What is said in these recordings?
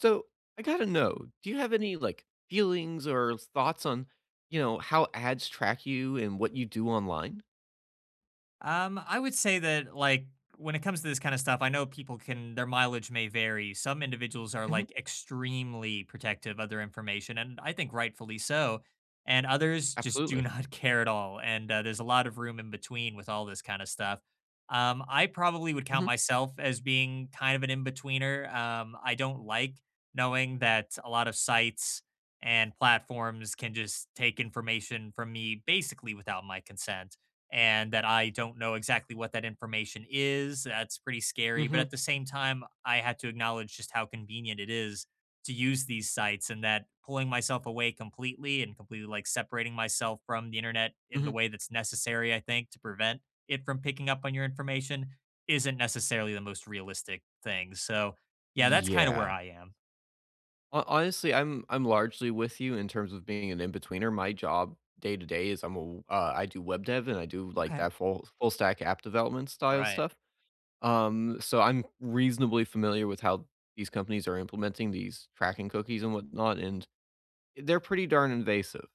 So, I gotta know. Do you have any, like, feelings or thoughts on, you know, how ads track you and what you do online? Um, I would say that, like, when it comes to this kind of stuff, I know people can their mileage may vary. Some individuals are, Mhm. like, extremely protective of their information, and I think rightfully so. And others just do Absolutely. not care at all, and, uh, there's a lot of room in between, with all this kind of stuff. Um, I probably would count Mhm. myself as being kind of an in-betweener, um, I don't like knowing that a lot of sites and platforms can just take information from me, basically without my consent, and that I don't know exactly what that information is, that's pretty scary. But Mhm. at the same time, I had to acknowledge just how convenient it is to use these sites and that pulling myself away completely and completely, like, separating myself from the Internet, in Mhm. the way that's necessary, I think, to prevent it from picking up on your information, isn't necessarily the most realistic thing. So, yeah, that's kind of where Yeah. I am. Ho honestly, I'm I'm largely with you in terms of being an inbetweener. My job, day-to-day, is I'm a w uh, I do web dev, and I do, like, Okay. that full full stack app development style Right. stuff. Um, so I'm reasonably familiar with how these companies are implementing these tracking cookies and whatnot, and they're pretty darn invasive.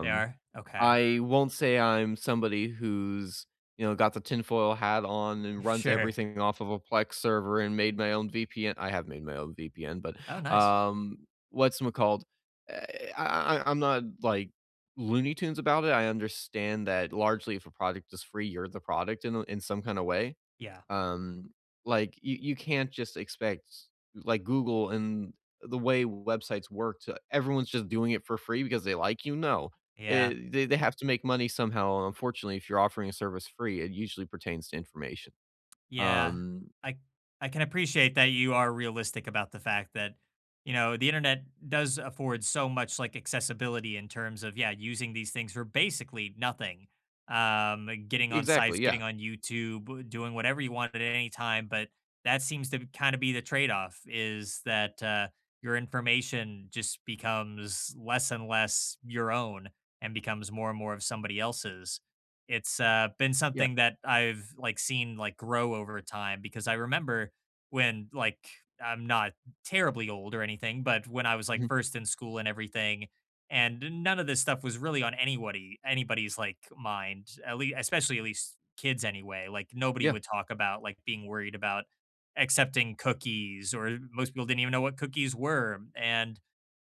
They are? Okay. I won't say I'm somebody who's, you know, got the tinfoil hat on and runs Sure. everything off of a Plex server and made my own VPN. I have made my own VPN, but, Oh, nice. um, what's mccalled? Eh I I I'm not, like, Looney Tunes about it, I understand that largely if a product is free, you're the product in a in some kind of way. Yeah. Um, like, you you can't just expect, like, Google and the way websites work to everyone's just doing it for free because they like you? No. Eh Yeah. they they have to make money somehow, unfortunately, if you're offering a service free, it usually pertains to information. Yeah. Um I I can appreciate that you are realistic about the fact that, you know, the Internet does afford so much, like, accessibility in terms of, yeah, using these things for basically nothing. Um, getting on Exactly, sites, yeah. getting on YouTube, doing whatever you want at any time, but that seems to b kind of be the trade off, is that, uh, your information just becomes less and less your own and becomes more and more of somebody else's. It's, uh, been Yeah. something that I've, like, seen, like, grow over time because I remember when, like I'm not terribly old or anything, but when I was, like, Mhm. first in school and everything, and none of this stuff was really on anywody anybody's, like, mind. At le especially, at least, kids anyway. Like, nobody Yeah. would talk about, like, being worried about accepting cookies, or most people didn't even know what cookies were. And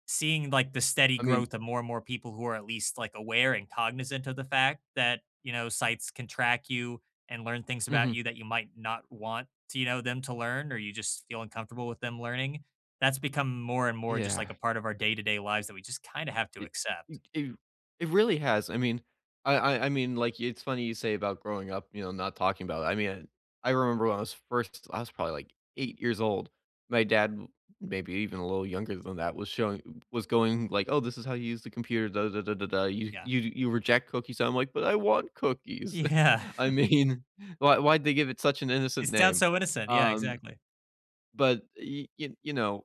seeing, like, the steady I mean growth of more and more people who are at least, like, aware and cognizant of the fact that, you know, sites can track you and learn things about Mhm. you that you might not want, you know, them to learn, or you just feel uncomfortable with them learning, that's become more and more just, like, Yeah. a part of our day-to-day lives that we just kind of have to E accept. m i it really has. I mean, I I I mean, like, it's funny you say about growing up, you know, not talking about I mean, I remember when I was first I was probably, like, 8 years old. My dad m maybe even a little younger than that, was showing was going like, "Oh, this is how you use the computer, dah, dah, dah, dah, dah. You Yeah. you you reject cookies." I'm like, "But I want cookies." Yeah. I mean, why why did they give it such an innocent It sounds name? so innocent. Yeah, Um, exactly. but, y y you know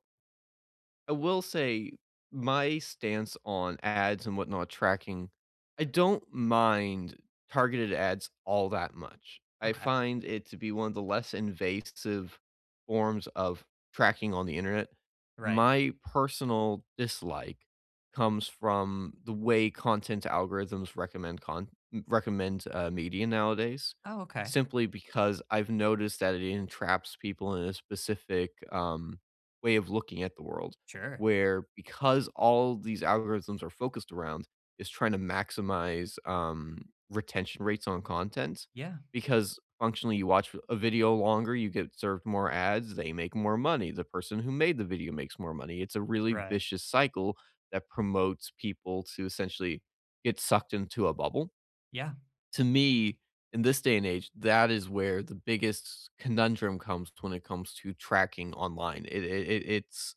I will say my stance on ads and whatnot tracking, I don't mind targeted ads all that much. I Okay. find it to be one of the less invasive forms of tracking on the Internet. Right. My personal dislike comes from the way content algorithms recommend con recommend, uh, media nowadays Oh, okay. simply because I've noticed that it entraps people in a specific, um, way of looking at the world Sure. where, because all these algorithms are focused around is trying to maximize, um, retention rates on content Yeah. because functionally you watch a a video longer, you get served more ads, they make more money, the person who made the video makes more money. It's a really Right. vicious cycle that promotes people to essentially get sucked into a bubble. Yeah. To me, in this day and age, that is where the biggest conundrum comes when it comes to tracking online. It it it it's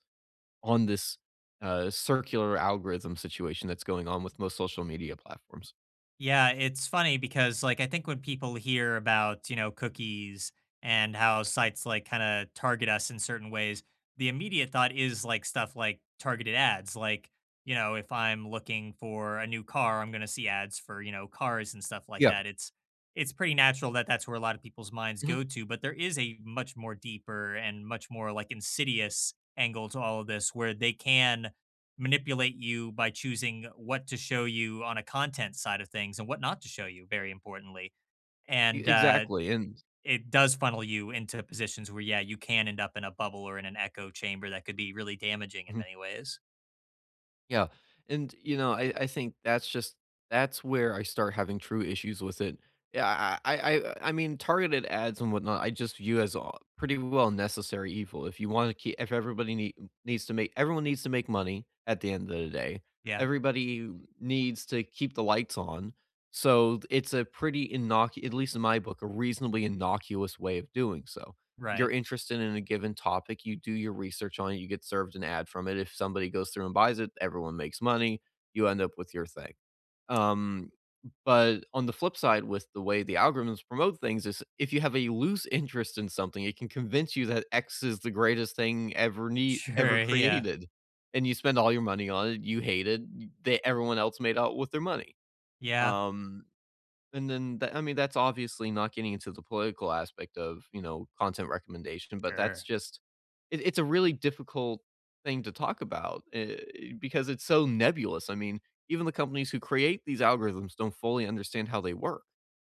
on this, uh, circular algorithm situation that's going on with most social media platforms. Yeah. It's funny because, like, I think when people hear about, you know, cookies and how sites, like, kinda target us in certain ways, the immediate thought is, like, stuff like, targeted ads. Like, you know, if I'm looking for a new car, I'm gonna see ads for, you know, cars and stuff like Yup. that. It's it's pretty natural that that's where a lot of people's minds Mhm. go to. But there is a much more deeper and much more, like, insidious angle to all of this. Where they can manipulate you by choosing what to show you on a content side of things, and what not to show you, very importantly. E And, uh, exactly. And i it does funnel you into positions where, yeah, you can end up in a bubble or in an echo chamber that could be really damaging in Mhm. many ways. Yeah. And, you know, I I think that's just that's where I start having true issues with it. Yeah. I I I I mean, targeted ads and whatnot, I just view as a pretty well necessary evil. If you wanna keep if everybody nee needs to make everyone needs to make money at the end of the day. Yeah. Everybody needs to keep the lights on. So, it's a pretty innoc at least in my book, a reasonably innocuous way of doing so. You're Right. interested in a given topic, you do your research on it, you get served an ad from it. If somebody goes through and buys it, everyone makes money. You end up with your thing. Um, but on the flip side with the way the algorithms promote things is if you have a loose interest in something, it can convince you that X is the greatest thing ever nee ever Sure, yeah. created. And you spend all your money on it. You hate it. They everyone else made out with their money. Yeah. Um, and then that I mean, that's obviously not getting into the political aspect of, you know, content recommendation. But that's Sure. just it it's a really difficult thing to talk about. Eh, because it's so nebulous. I mean, even the companies who create these algorithms don't fully understand how they work.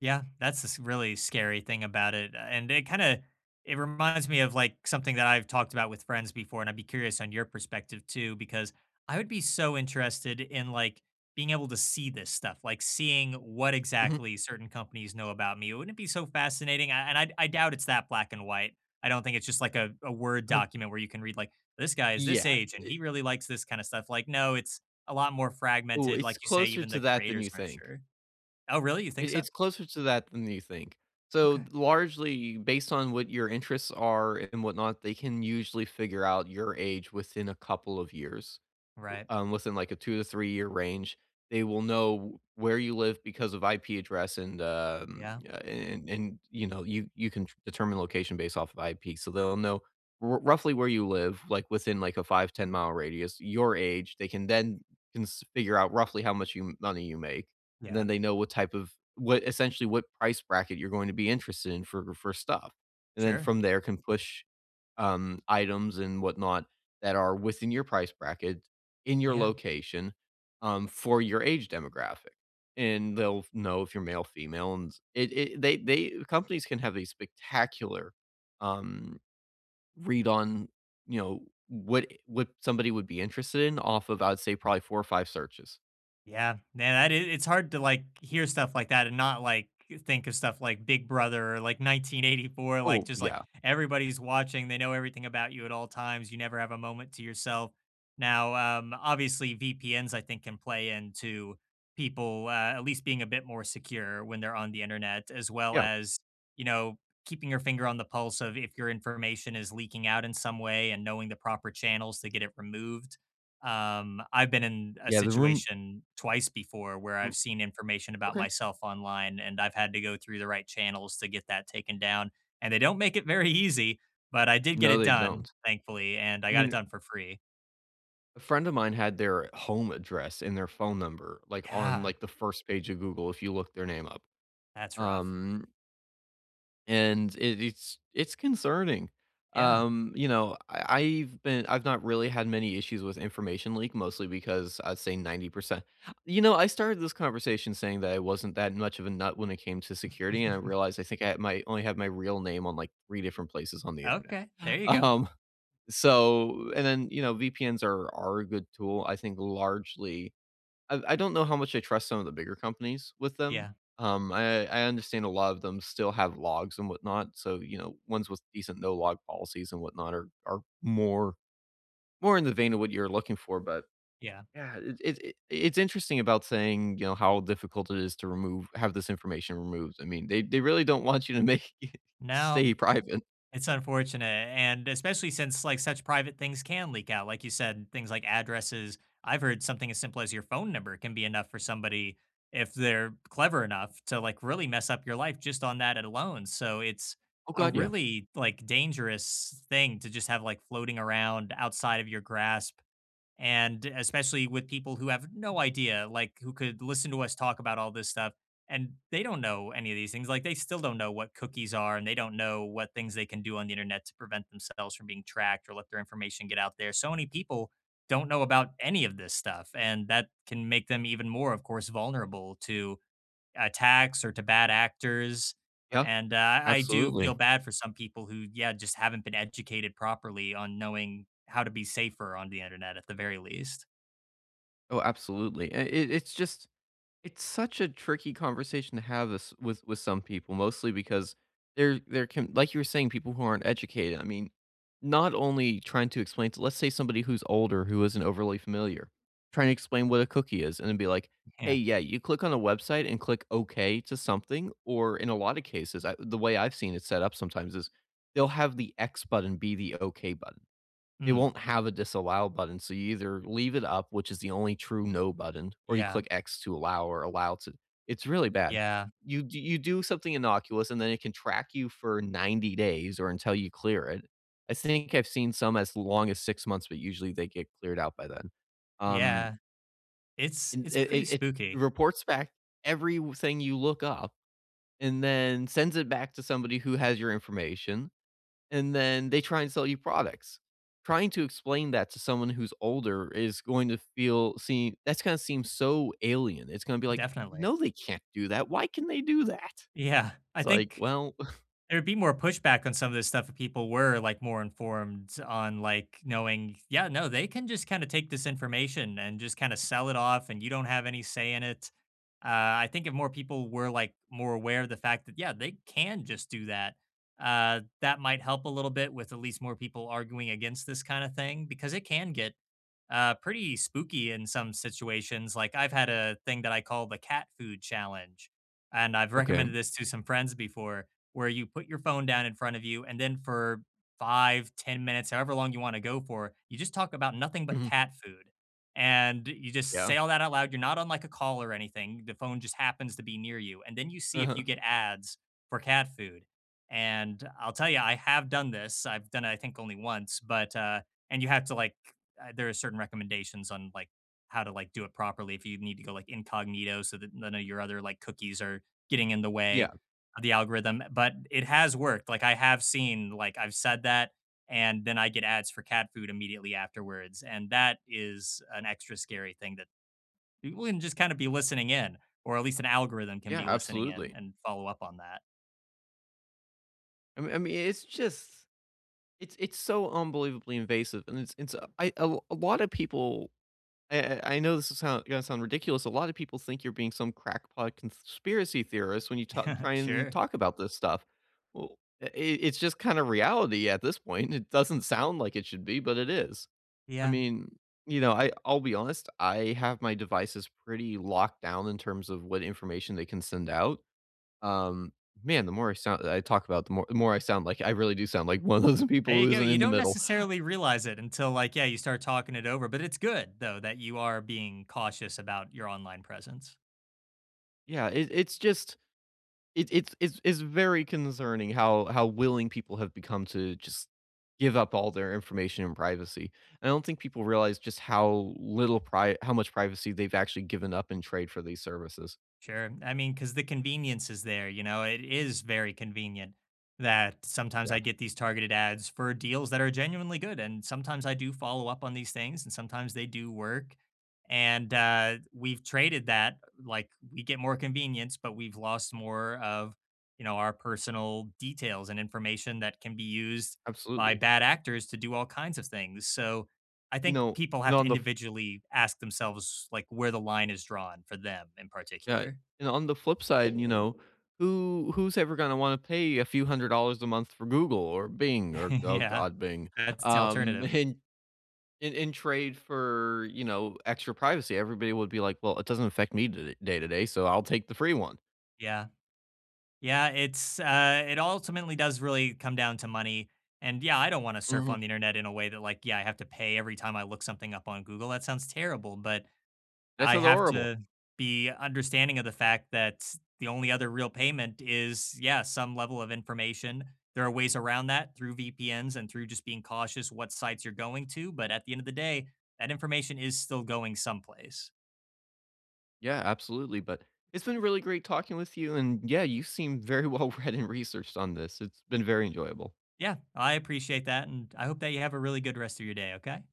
Yeah, that's this really scary thing about it, uh, and it kinda it reminds me of, like, something that I've talked about with friends before, and I'd be curious on your perspective too because I would be so interested in, like, being able to see this stuff, like, seeing what Mhm. exactly certain companies know about me, wouldn't it be so fascinating, I and I I doubt it's that black and white. I don't think it's just like a a Word Uh-huh. document where you can read like, "This guy is this Yeah, age and he it really likes this kinda stuff." Like, no, it's a lot more Ooh, fragmented, it's like you say, closer even to the that than you creators aren't think. sure. Oh, really? You think It so? it's closer to that than you think, so Okay. largely based on what your interests are and whatnot, they can usually figure out your age within a couple of years, Right. um, within, like, a two to three-year range, they will know where you live because of IP address and, uh, Yeah. a and and, you know, you you can determine location based off of IP, so they'll know r roughly where you live, like, within, like, a five, ten-mile radius, your age, they can then can s figure out roughly how much you money you make, and Yeah. then they know what type of what essentially, what price bracket you're going to be interested in for for stuff. And then Sure. from there, can push, um, items and whatnot that are within your price bracket, in your Yeah. location, um, for your age demographic. And they'll f know if you're male, female, and it it they they companies can have a spectacular, um, read on, you know, what what somebody would be interested in off of, I'd say, probably 4 or 5 searches. Yeah, man, that is it's hard to, like, hear stuff like that and not, like, think of stuff like Big Brother or, like, 1984. Like, Oh, just, like, yeah. everybody's watching, they know everything about you at all times, you never have a moment to yourself. Now, um, obviously, VPNs, I think, can play into, people, uh, at least being a bit more secure when they're on the Internet as well Yeah. as, you know, keeping your finger on the pulse of if your information is leaking out in some way and knowing the proper channels to get it removed. Um, I've been in a Yeah, the room situation twice before where R I've seen information about okay. myself online, and I've had to go through the right channels to get that taken down, and they don't make it very easy, but I did get No, it they done, don't. thankfully, and I I got it mean done for free. a friend of mine had their home address and their phone number, like, on, Yeah. like, the 1st page of Google if you look their name up. That's rough. Um and it it's it's concerning, Yeah. um, you know, I I've been I've not really had many issues with information leak mostly because I'd say 90% you know, I started this conversation saying that I wasn't that much of a nut when it came to security, and I realized I think I might only have my real name on, like, 3 different places on the Internet. Okay, there you go. Um, so, and then, you know, VPNs are are a good tool, I think largely I I don't know how much I trust some of the bigger companies with them, Yeah. um, I I understand a lot of them still have logs and whatnot, so, you know, ones with decent no-log policies and whatnot are are more more in the vein of what you're looking for, but, Yeah. yeah, it it it's interesting about saying, you know, how difficult it is to remove have this information removed, I mean, they they really don't want you to make No. stay private. It's unfortunate, and especially since, like, such private things can leak out, like you said, things like addresses. I've heard something as simple as your phone number can be enough for somebody if they're clever enough to, like, really mess up your life just on that alone, so it's Oh, a god, yeah. really, like, dangerous thing to just have floating around outside of your grasp, and especially with people who have no idea, like, who could listen to us talk about all this stuff, and they don't know any of these things, like, they still don't know what cookies are, and they don't know what things they can do on the Internet to prevent themselves from being tracked or let their information get out there, so many people don't know about any of this stuff, and that can make them even more, of course, vulnerable to attacks or to bad actors. Yeah. And, uh, I do Absolutely. feel bad for some people who, yeah, just haven't been educated properly on knowing how to be safer on the Internet at the very least. Oh, absolutely, it it it's just it's such a tricky conversation to have this with with some people, mostly because there there can like, you were saying, people who aren't educated, I mean, not only trying to explain to let's say, somebody who's older, who isn't overly familiar, trying to explain what a cookie is and then be like, "Hey, Yeah. yeah, you click on a website and click 'okay' to something," or, in a lot of cases, uh, the way I've seen it set up sometimes is, they'll have the x button be the okay button, it Mm. won't have a disallow button, so you either leave it up, which is the only true "no" button, or you Yeah. click x to allow or allow to it's really bad. Yeah. You d you do something innocuous, and then it can track you for 90 days, or until you clear it. I think I've seen some as long as 6 months, but usually they get cleared out by then. Um Yeah. It's It it's it pretty it it spooky. reports back everything you look up, and then sends it back to somebody who has your information, and then they try and sell you products. Trying to explain that to someone who's older, is going to feel see, that's gonna seem so alien. It's gonna be like, Definitely. "No, they can't do that. Why can they do that?" Yeah, I It's like, think, "Well" there'd be more pushback on some of this stuff, if people were, like, more informed on, like, knowing "Yeah, no, they can just kinda take this information and just kinda sell it off, and you don't have any say in it," uh, I think if more people were, like, more aware of the fact yeah, they can just do that, uh, that might help a little bit with at least more people arguing against this kinda thing, because it can get, uh, pretty spooky in some situations, like, I've had a thing that I call the Cat Food Challenge, and I've Okay. recommended this to some friends before, where you put your phone down in front of you, and then for 5, 10 minutes, however long you wanna go for, you just talk about nothing but Mhm. cat food, and you just Yeah. say all that out loud, you're not on like a call or anything, the phone just happens to be near you, and then you see if Uh-huh. you get ads for cat food, and I'll tell ya, I have done this. I've done it I think only once, but, uh, and you have to like uh, there are certain recommendations on, like, how to, like, do it properly if you need to go, like, incognito so that none of your other, like, cookies are getting in the way Yeah. of the algorithm, but it has worked, like, I have seen like, I've said that, and then I get ads for cat food immediately afterwards, and that is an extra scary thing that people can just kinda be listening in, or at least an algorithm can Yeah, be listening in, absolutely. and follow up on that. I me I mean, it's just it's it's so unbelievably invasive, and it's it's a I uh, l a lotta people, a a I know this'll soun gonna sound ridiculous, a lotta people think you're being some crackpot conspiracy theorist when you tal try and Sure. talk about this stuff. Well eh it it's just kind of reality at this point. It doesn't sound like it should be, but it is. I Yeah. mean, you know, I I'll be honest, I have my devices pretty locked down in terms of what information they can send out. Um, man, the more I sound that I talk about, the more more I sound like I really do sound like one of those There people you who go, isn't you in the don't middle. necessarily realize it until, like, yeah, you start talking it over, but it's good, though, that you are being cautious about your online presence. Yeah, it it's just it it's it's it's very concerning how how willing people have become to just give up all their information and privacy. I don't think people realize just how little pri how much privacy they've actually given up in trade for these services. Sure, I mean, 'cause the convenience is there, you know, it is very convenient that sometimes Yeah I get these targeted ads for deals that are genuinely good, and sometimes I do follow up on these things, and sometimes they do work, and, uh, we've traded that, like, we get more convenience, but we've lost more of, you know, our personal details and information that can be used by Absolutely. bad actors to do all kinds of things. So, I You think know, people and have to on the f individually ask themselves, like, where the line is drawn for them in Yeah, particular. and on the flip side, you know, who who's ever gonna wanna pay a few hundred dollars a month for Google or Bing or oh, Yeah. god, Bing, That's um, alternative. in in in trade for, you know, extra privacy, everybody would be like, "Well, it doesn't affect me tod day to day, so I'll take the free one." Yeah. Yeah, it's, uh it ultimately does really come down to money, and, yeah, I don't wanna surf Mhm. on the Internet in a way that, like, yeah, I have to pay every time I look something up on Google, that sounds terrible, but, This I is have horrible. to be understanding of the fact that the only other real payment is, yeah, some level of information. There are ways around that through VPNs and through just being cautious what sites you're going to, but at the end of the day, that information is still going someplace. Yeah, absolutely, but It's been really great talking with you, and, yeah, you seem very well read and researched on this. It's been very enjoyable. Yeah, I appreciate that, and I hope that you have a really good rest of your day, okay?